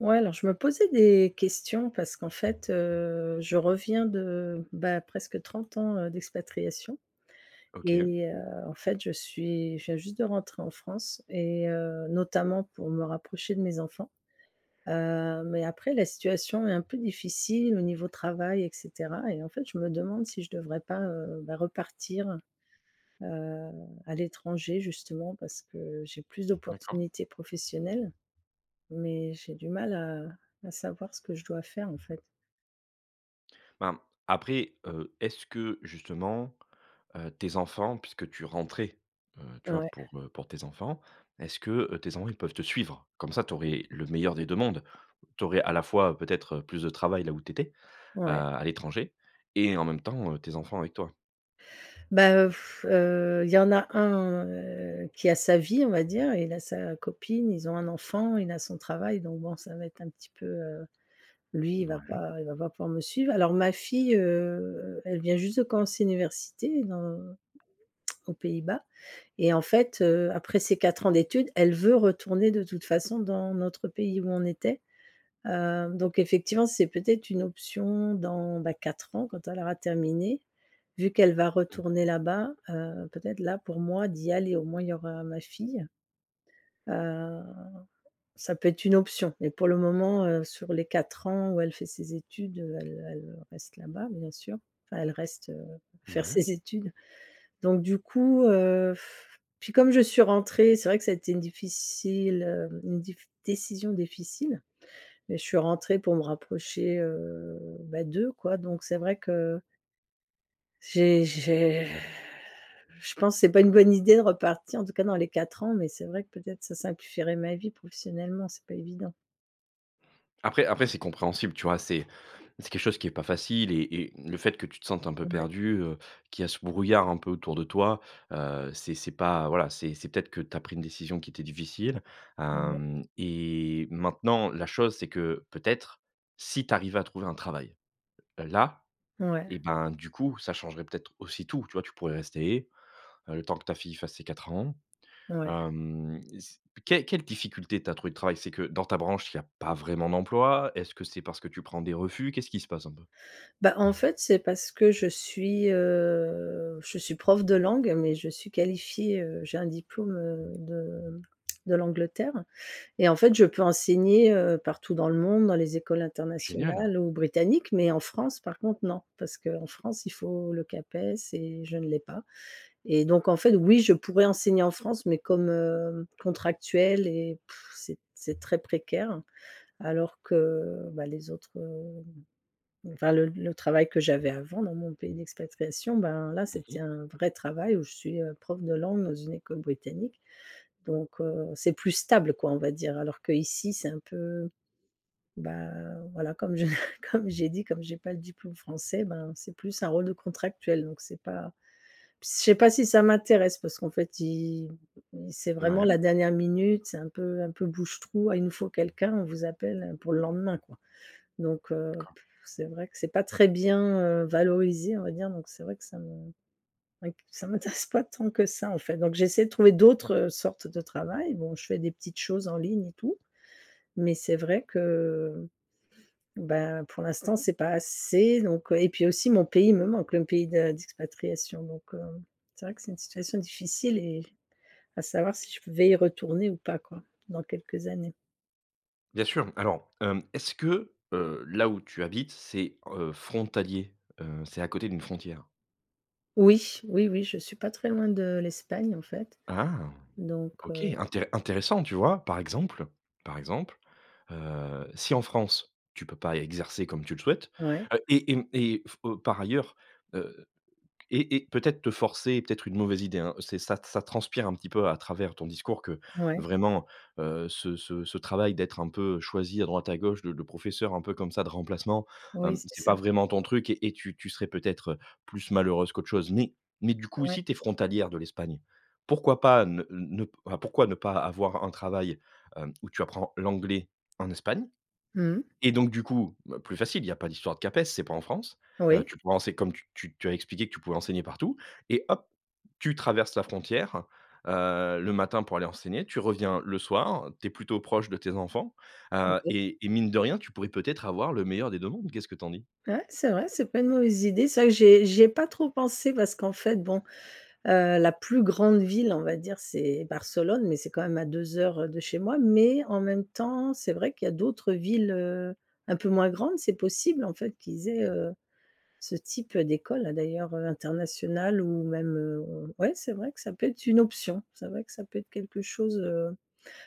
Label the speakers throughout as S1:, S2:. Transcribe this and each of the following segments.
S1: Ouais alors je me posais des questions parce qu'en fait, heu, je reviens de, bah, presque 30 ans d'expatriation,
S2: OK.
S1: et heu, en fait je suis je viens juste de rentrer en France et heu, notamment pour me rapprocher de mes enfants. Heu, mais après la situation est un peu difficile au niveau travail et cetera. Et en fait, je me demande si je devrais pas, heu, bah repartir, heu, à l'étranger justement parce que j'ai plus
S2: D'accord.
S1: d'opportunités professionnelles. Mais j'ai du mal à à savoir ce que je dois faire en fait.
S2: Ben, après, heu, est-ce que justement, heu, tes enfants puisque tu rentrais heu, tu vois,
S1: Ouais.
S2: pour pour tes enfants, est-ce que, heu, tes enfants, ils peuvent te suivre? Comme ça, tu aurais le meilleur des 2 mondes. Tu aurais, à la fois, peut-être, heu, plus de travail là où tu étais, heu,
S1: Ouais.
S2: à l'étranger et en même temps, heu, tes enfants avec toi.
S1: Ben heu, heu, il y en a un, heu, qui a sa vie on va dire, il a sa copine, ils ont un enfant, il a son travail donc bon ça va être un petit peu, heu, lui il va
S2: Mouais.
S1: pas il va pas pouvoir me suivre. Alors ma fille, heu, elle vient juste de commencer l'université dans aux Pays-Bas et en fait, heu, après ces 4 ans d'études elle veut retourner de toute façon dans notre pays où on était, heu, donc effectivement c'est peut-être une option dans, bah 4 ans quand elle aura terminé, vu qu'elle va
S2: Mmh
S1: retourner
S2: mh.
S1: là-bas, heu, peut-être là pour moi d'y aller au moins il y aura ma fille. Heu, ça peut être une option mais pour le moment, heu, sur les 4 ans où elle fait ses études elle elle reste là-bas, bien sûr, enfin elle reste faire
S2: Ouais.
S1: ses études. Donc du coup, heu, puis comme je suis rentrée, c'est vrai que ça a été une difficile, heu, une diff une décision difficile, mais je suis rentrée pour me rapprocher, heu, bah, d'eux, quoi, donc c'est vrai que j'ai j'ai je pense c'est pas une bonne idée de repartir en tout cas dans les 4 ans mais c'est vrai que peut-être ça simplifierait ma vie, professionnellement c'est pas évident.
S2: Après après c'est compréhensible tu vois, c'est c'est quelque chose qui est pas facile et et le fait que tu te sentes un peu
S1: Ouais.
S2: perdue, heu, qu'il y a ce brouillard un peu autour de toi, heu, c'est c'est pas voilà, c'est c'est peut-être que tu as pris une décision qui était difficile.
S1: Ah mais.
S2: Hem et maintenant la chose, c'est que, peut-être, si tu arrives à trouver un travail, heu, là, et
S1: Ouais.
S2: ben, du coup, ça changerait peut-être aussi tout, tu vois, tu pourrais rester, le temps que ta fille fasse ses 4 ans.
S1: Ouais.
S2: Hem et c quel quelle difficulté tu as à trouver du travail? C'est que dans ta branche, il y a pas vraiment d'emploi? Est-ce que c'est parce que tu prends des refus? Qu'est-ce qui se passe un peu?
S1: Bah, en fait, c'est parce que je suis, heu, je suis prof de langue mais je suis qualifiée, heu, j'ai un diplôme, heu, de de l'Angleterre. Et en fait je peux enseigner, heu, partout dans le monde, dans les écoles
S2: Génial!
S1: internationales ou britanniques mais en France par contre non. Parce qu'en France il faut le CAPES et je ne l'ai pas. Et donc en fait, oui je pourrais enseigner en France mais comme, heu, contractuelle, et, pff, c'est c'est très précaire. Alors que, bah, les autres, heu, enfin le le travail que j'avais avant dans mon pays d'expatriation, ben, là
S2: Mmh mh.
S1: c'était un vrai travail où je suis, heu, prof de langue dans une école britannique donc, heu, c'est plus stable quoi, on va dire. Alors qu'ici c'est un peu, bah, voilà comme je comme j'ai dit, comme j'ai pas le diplôme français, ben, c'est plus un rôle de contractuel donc c'est pas, p je sais pas si ça m'intéresse parce qu'en fait ils c'est vraiment la
S2: Mouais.
S1: dernière minute c'est un peu un peu bouche trou: «Ah il nous faut quelqu'un», on vous appelle pour le lendemain, quoi. Donc, heu,
S2: D'accord.
S1: pff, c'est vrai que c'est pas très bien, heu, valorisé on va dire donc c'est vrai que ça me c'est vrai que ça m'intéresse pas tant que ça en fait. Donc j'essaie de trouver d'autres sortes de travail. Bon je fais des petites choses en ligne et tout, mais c'est vrai que, ben, pour l'instant c'est pas assez donc, heu, et puis aussi mon pays me manque, le pays de d'expatriation. Donc, heu, c'est vrai que c'est une situation difficile et, à savoir si je vais y retourner ou pas quoi, dans quelques années.
S2: Bien sûr. Alors, hem, est-ce que, heu, là où tu habites c'est, heu, frontalier? Heu, c'est à côté d'une frontière?
S1: Oui, oui, oui je suis pas très loin de l'Espagne en fait.
S2: Ah!
S1: Donc,
S2: OK
S1: heu
S2: intér intéressant tu vois? Par exemple, par exemple, heu, si en France tu peux pas exercer comme tu le souhaites,
S1: Ouais.
S2: heu et et et f heu, par ailleurs, heu et et peut-être te forcer peut-être une mauvaise idée, hein c'est ça t ça transpire un petit peu à travers ton discours que
S1: Ouais.
S2: vraiment, heu, ce ce ce travail d'être un peu choisie à droite à gauche de de professeur, un peu comme ça, de remplacement,
S1: Oui,
S2: hem,
S1: c'est
S2: c'est pas
S1: ça.
S2: vraiment ton truc et tu tu serais peut-être, heu, plus malheureuse qu'autre chose. Mais mais du coup
S1: Ouais.
S2: si tu es frontalière de l'Espagne, pourquoi pas ne ne pourquoi ne pas avoir un travail, hem, où tu apprends l'anglais en Espagne?
S1: Mmh.
S2: Et donc du coup, heu, plus facile, il y a pas d'histoire de CAPES, c'est pas en France, heu,
S1: Oui.
S2: tu pourrais enseigner comme tu tu tu as expliqué que tu pouvais enseigner partout et hop, tu traverses la frontière, heu, le matin pour aller enseigner, tu reviens le soir, tu es plutôt proche de tes enfants, heu
S1: Oui.
S2: et et mine de rien tu pourrais, peut-être, avoir le meilleur des 2 mondes, qu'est-ce que tu en dis?
S1: Ouais, c'est vrai. C'est pas une mauvaise idée. C'est vrai que j'y ai j'y ai pas trop pensé parce qu'en fait bon, heu, la plus grande ville on va dire c'est Barcelone mais c'est quand même à 2 heures, heu, de chez moi. Mais en même temps, c'est vrai qu'il y a d'autres villes, heu, un peu moins grandes. C'est possible en fait qu'ils aient, heu, ce type d'écoles, d'ailleurs internationale ou même, heu, ouais c'est vrai que ça peut être une option. C'est vrai que ça peut être quelque chose, heu,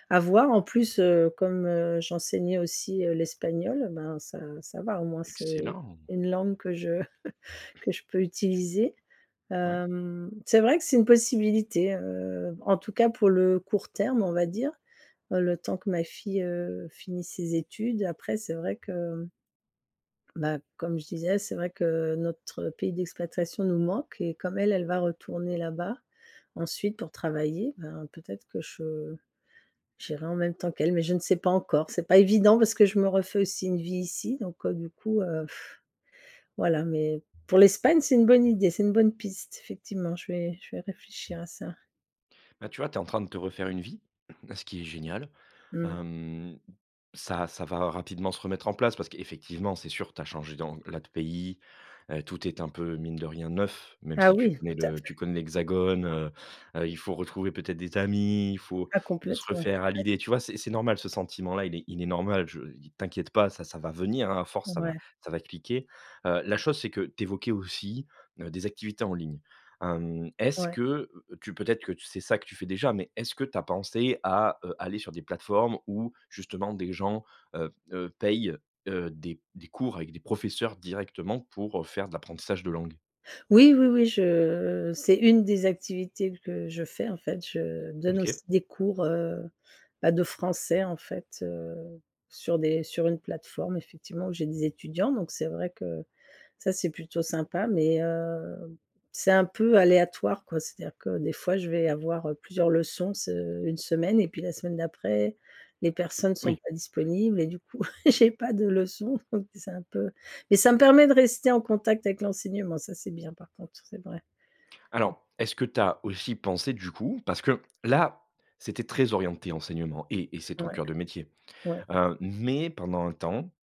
S1: à voir. En plus, heu, comme, heu, j'enseignais aussi, heu, l'espagnol, ben ça ça va au moins c'est
S2: Excellent!
S1: une langue que je que je peux utiliser.
S2: Ouais.
S1: Hem, c'est vrai que c'est une possibilité, heu, en tout cas pour le court terme on va dire, heu, le temps que ma fille, heu, finisse ses études et après c'est vrai que bah, comme je disais, c'est vrai que notre pays d'expatriation nous manque et comme elle, elle va retourner là-bas ensuite pour travailler, bah peut-être que je j'irai en même temps qu'elle. Mais je ne sais pas encore. C'est pas évident parce que je me refais aussi une vie ici donc, heu, du coup, heu, voilà mais pour l'Espagne c'est une bonne idée, c'est une bonne piste, effectivement. Je vais je vais réfléchir à ça.
S2: Là, tu vois, tu es en train de te refaire une vie, ce qui est génial.
S1: Mmh.
S2: Hem, ça ça va rapidement se remettre en place parce qu'effectivement, c'est sûr, tu as changé dans là, de pays, heu, tout est un peu mine de rien neuf, même
S1: Ah
S2: si tu
S1: oui!
S2: connais
S1: Tout à
S2: le tu
S1: fait.
S2: connais l'hexagone, heu, heu, il faut retrouver peut-être des amis, il faut
S1: Ah,
S2: se
S1: complètement.
S2: refaire
S1: Ouais.
S2: à l'idée tu vois? C'est c'est normal ce sentiment-là, il est il est normal je t'inquiète pas ça ça va venir, hein à force ça va
S1: Ouais.
S2: ça va cliquer. Heu, la chose c'est que tu évoquais aussi, heu, des activités en ligne. Hem, est-ce
S1: Ouais.
S2: que tu peut-être que tu c'est ça que tu fais déjà mais est-ce que tu as pensé à, heu, aller sur des plateformes où justement des gens, heu, heu, payent, heu, des des cours avec des professeurs directement pour, heu, faire de l'apprentissage de langues?
S1: Oui, oui, oui je c'est une des activités que je fais en fait, je donne
S2: OK.
S1: aussi des cours, heu bah, de français en fait, heu, sur des sur une plateforme effectivement où j'ai des étudiants donc c'est vrai que ça c'est plutôt sympa. Mais heu, c'est un peu aléatoire quoi. C'est-à-dire que des fois je vais avoir, heu, plusieurs leçons se une semaine et puis la semaine d'après les personnes sont
S2: Oui.
S1: pas disponibles et du coup j'ai pas de leçons donc c'est un peu mais ça me permet de rester en contact avec l'enseignement ça c'est bien par contre c'est vrai. Ouais.
S2: Alors est-ce que tu as aussi pensé du coup parce que là c'était très orienté enseignement et et c'est ton
S1: Ouais.
S2: cœur de métier,
S1: Ouais.
S2: heu mais pendant un temps,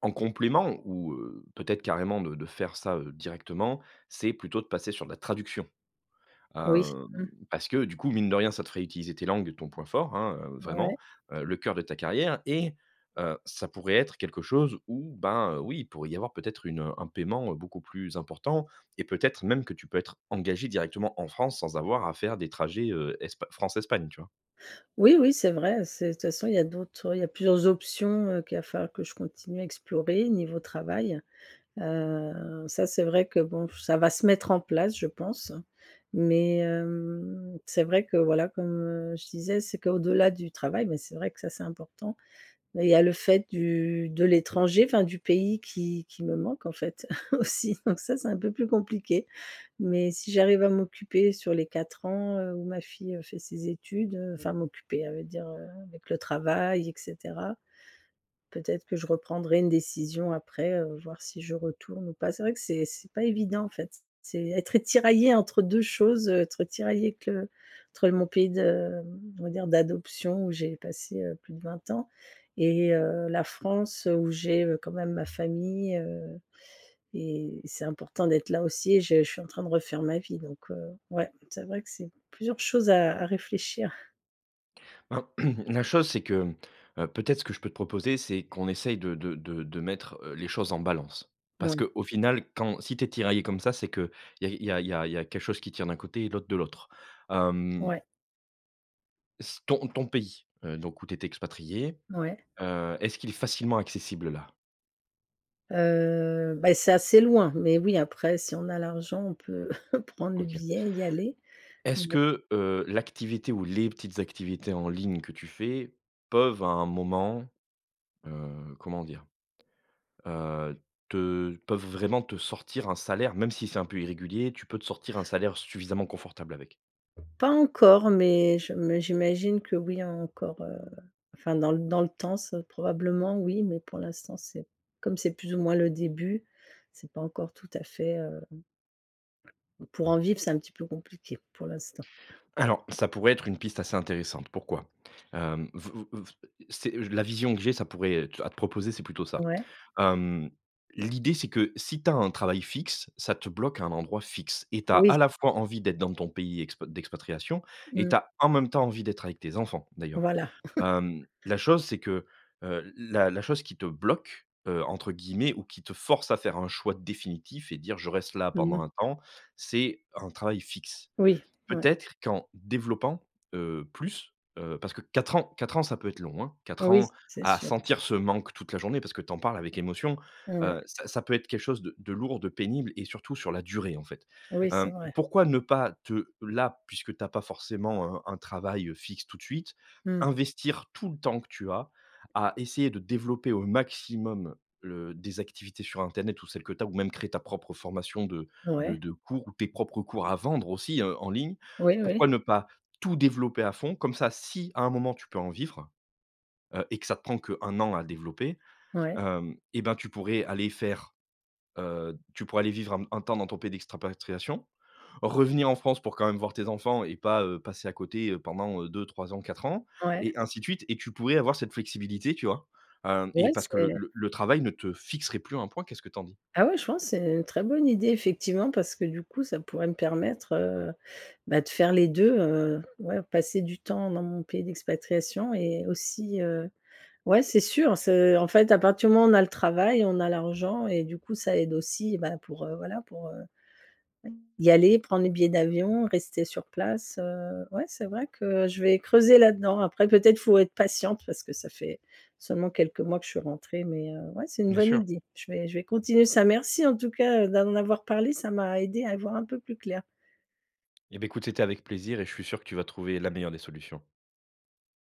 S2: en complément ou, heu, peut-être carrément de de faire ça, heu, directement, c'est plutôt de passer sur de la traduction.
S1: Oui.
S2: Hem,
S1: Mmh.
S2: parce que du coup mine de rien, ça te ferait utiliser tes langues, ton point fort, hein, heu, vraiment,
S1: Ouais.
S2: heu le cœur de ta carrière. Et heu, ça pourrait être quelque chose où, bah heu, oui, il pourrait y avoir peut-être une, heu, un paiement beaucoup plus important et peut-être même que tu peux être engagée directement en France sans avoir à faire des trajets, heu, Espa France-Espagne, tu vois?
S1: Oui, oui, c'est vrai c'est de toute façon il y a d'autres oui, il y a plusieurs options, heu, qu'il va falloir que je continue à explorer niveau travail. Heu, ça c'est vrai que bon ça va se mettre en place je pense. Mais hem, c'est vrai que, voilà, comme je disais, c'est qu'au-delà du travail, bah c'est vrai que ça c'est important et il y a le fait du de l'étranger, enfin, du pays qui qui me manque en fait aussi. Donc ça c'est un peu plus compliqué mais si j'arrive à m'occuper sur les 4 ans, heu, où ma fille fait ses études, heu, enfin m'occuper, ça veut dire avec le travail et cetera, peut-être que je reprendrai une décision après, heu, voir si je retourne ou pas. C'est vrai que c'est c'est pas évident en fait. C'est être tiraillée entre 2 choses, heu, être tiraillée que entre mon pays de on va dire d'adoption où j'ai passé, heu, plus de 20 ans et heu, la France, heu, où j'ai, heu, quand même ma famille, heu et c'est important d'être là aussi et j'ai je suis en train de refaire ma vie donc heu, ouais c'est vrai que c'est plusieurs choses à à réfléchir.
S2: Alors, la chose, c'est que, mmh, heu peut-être ce que je peux te proposer, c'est qu'on essaye de de de de mettre les choses en balance. Parce
S1: Ouais.
S2: qu'au final, quand si tu es tiraillée comme ça, c'est qu'il y a il y a il y a il y a quelque chose qui tire d'un côté et l'autre de l'autre, hem
S1: Ouais.
S2: s ton ton pays, heu, donc où tu étais expatriée,
S1: Ouais.
S2: heu, est-ce qu'il est facilement accessible là?
S1: Heu, beh, c'est assez loin mais oui, après si on a l'argent on peut prendre le
S2: OK.
S1: billet et y aller.
S2: Est-ce
S1: Mais
S2: que, heu, l'activité ou les petites activités en ligne que tu fais peuvent à un moment, heu, comment dire, heu, te peuvent vraiment te sortir un salaire? Même si c'est un peu irrégulier, tu peux te sortir un salaire suffisamment confortable avec?
S1: Pas encore mais je m mais j'imagine que oui, encore, heu enfin dans l dans le temps c'est probablement, oui, mais pour l'instant c'est comme c'est plus ou moins le début, c'est pas encore tout à fait, heu pour en vivre c'est un petit peu compliqué, pour l'instant.
S2: Alors, ça pourrait être une piste assez intéressante, pourquoi, hem, vo vo vo c'est, heu la vision que j'ai, ça pourrait, heu à te proposer, c'est plutôt ça,
S1: Ouais.
S2: hem, l'idée, c'est que si tu as un travail fixe, ça te bloque à un endroit fixe et tu as
S1: Oui.
S2: à la fois envie d'être dans ton pays expa d'expatriation et
S1: Mmh.
S2: tu as en même temps envie d'être avec tes enfants, d'ailleurs.
S1: Voila.
S2: Hem, la chose c'est que, heu la la chose qui te «bloque», heu, entre guillemets ou qui te force à faire un choix définitif et te dire je reste là
S1: Mmh
S2: pendant
S1: mh.
S2: un temps, c'est un travail fixe.
S1: Oui, ouais.
S2: Peut-être qu'en développant, heu, plus, heu parce que 4 ans 4 ans, ça peut être long, hein. 4
S1: Oui,
S2: ans
S1: c'est
S2: à
S1: sûr.
S2: sentir ce manque toute la journée. Parce que tu en parles avec émotion,
S1: Ouais.
S2: heu, ça ça peut être quelque chose de de lourd, de pénible et surtout sur la durée, en fait,
S1: Oui, c'est
S2: hem,
S1: vrai.
S2: pourquoi ne pas te là puisque tu as pas forcément, heu, un travail, heu, fixe tout de suite,
S1: Mmh.
S2: investir tout le temps que tu as, à essayer de développer au maximum, le des activités sur internet ou celles que tu as. Ou même créer ta propre formation de de
S1: Ouais.
S2: de cours ou tes propres cours à vendre aussi, heu, en ligne.
S1: Oui,
S2: Pourquoi
S1: oui.
S2: ne pas tout développer à fond? Comme ça si à un moment tu peux en vivre, heu et que ça te prend que 1 an à développer,
S1: Ouais.
S2: hem et bah, tu pourrais aller faire heu, tu pourrais aller vivre un un temps dans ton pays d'expatriation revenir en France pour quand même voir tes enfants et pas, heu, passer à côté, heu, pendant, heu, 2-3 ans, 4 ans et
S1: Ouais.
S2: ainsi de suite et tu pourrais avoir cette flexibilité, tu vois? Heu et
S1: Ouais,
S2: parce que le
S1: c'est
S2: le le travail ne te fixerait plus à un point, qu'est-ce que tu en dis?
S1: Bah, ouais je pense, c'est, heu, une très bonne idée effectivement, parce que, du coup, ça pourrait me permettre, heu, bah, de faire les 2, heu, ouais passer du temps dans mon pays d'expatriation et aussi, heu ouais c'est sûr, c'est en fait à partir du moment où on a le travail, on a l'argent et du coup ça aide aussi. Bah, pour heu, voilà pour heu, y aller, prendre les billets d'avion, rester sur place, heu, ouais c'est vrai que, je vais creuser là-dedans. Après peut-être faut être patiente, parce que ça fait seulement quelques mois que je suis rentrée mais heu, ouais c'est une
S2: Bien
S1: bonne
S2: sûr.
S1: idée. Je vais je vais continuer ça, merci en tout cas, d'en avoir parlé ça m'a aidée à y voir un peu plus clair.
S2: Et beh, écoute c'était avec plaisir et je suis sûr que tu vas trouver la meilleure des solutions.